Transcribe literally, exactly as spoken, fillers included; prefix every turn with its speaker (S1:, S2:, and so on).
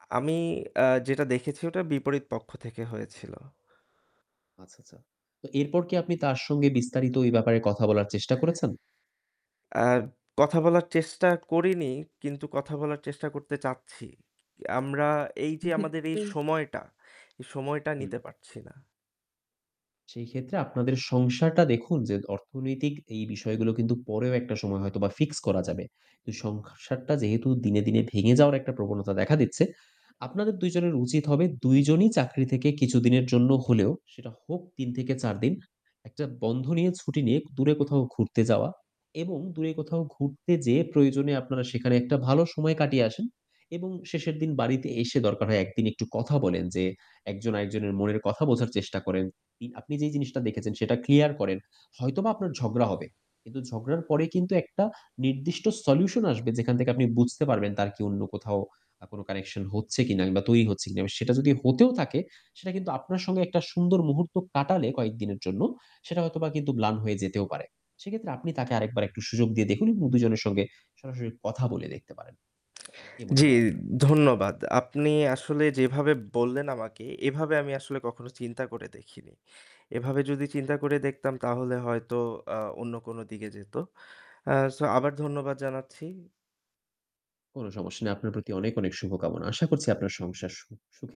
S1: আ আমি, আ যেটা দেখেছি ওটা বিপরীত পক্ষ থেকে হয়েছিল।
S2: আচ্ছা, আচ্ছা। তো এরপর কি আপনি তার সঙ্গে বিস্তারিত এই ব্যাপারে কথা বলার চেষ্টা করেছেন?
S1: আ কথা বলার চেষ্টা করিনি কিন্তু কথা বলার চেষ্টা করতে চাচ্ছি। আমরা এই যে আমাদের এই
S2: সেক্ষেত্রে
S1: সময়টা, এই সময়টা
S2: হুম।
S1: নিতে পারছি না।
S2: সেই ক্ষেত্রে আপনাদের সংসারটা দেখুন যে অর্থনৈতিক এই বিষয়গুলো কিন্তু পরেও একটা সময় হয়তোবা ফিক্স করা যাবে। কিন্তু সংখসারটা যেহেতু দিনে, দিনে ভেঙে যাওয়ার একটা প্রবণতা দেখা দিচ্ছে, আপনাদের দুই জনের উচিত হবে দুই জনই চাকরি থেকে কিছুদিনের জন্য হলেও, সেটা হোক তিন থেকে চার দিন একটা বন্ধ নিয়ে ছুটি নিয়ে ক দূরে কোথাও ঘুরতে যাওয়া এবং দূরে কোথাও ঘুরতে যেয়ে প্রয়োজনে আপনারা সেখানে একটা ভালো সময় কাটিয়ে আসেন এবং শেষের দিন বাড়িতে এসে দরকার হয় একদিন একটু কথা বলেন যে একজন আরেকজনের মনের কথা বোঝার চেষ্টা করেন। আপনি, আপনি যেই জিনিসটা দেখেছেন সেটা ক্লিয়ার করেন। হয়তোবা আপনার ঝগড়া হবে কিন্তু ঝগড়ার পরে কিন্তু একটা নির্দিষ্ট solution আসবে যেখান থেকে আপনি বুঝতে পারবেন তার কি অন্য কোথাও আ কোনো connection হচ্ছে কিনা কিংবা তৈরি হচ্ছে কিনা। সেটা যদি হতেও থাকে সেটা কিন্তু আপনার সঙ্গে একটা সুন্দর মুহূর্ত কাটালে কয়েকদিনের জন্য সেটা হয়তোবা কিন্তু ম্লান হয়ে যেতেও পারে। সেক্ষেত্রে আপনি তাকে আরেকবার একটু সুযোগ দিয়ে দেখুন এবং দুই জনের সঙ্গে সরাসরি কথা বলে দেখতে পারেন। কি মনে
S1: জি,
S2: হয় আপনার?
S1: ধন্যবাদ। আপনি আসলে যেভাবে বললেন আমাকে এভাবে আমি আসলে কখনো চিন্তা করে দেখিনি। এভাবে যদি চিন্তা করে দেখতাম তাহলে হয়তো আ অন্য কোনো দিকে যেত। আ সো আবার ধন্যবাদ জানাচ্ছি।
S2: কোনো সমস্যা নেই। আপনার প্রতি অনেক, অনেক শুভকামনা। আশা করছি আপনার সংসার সু সুখি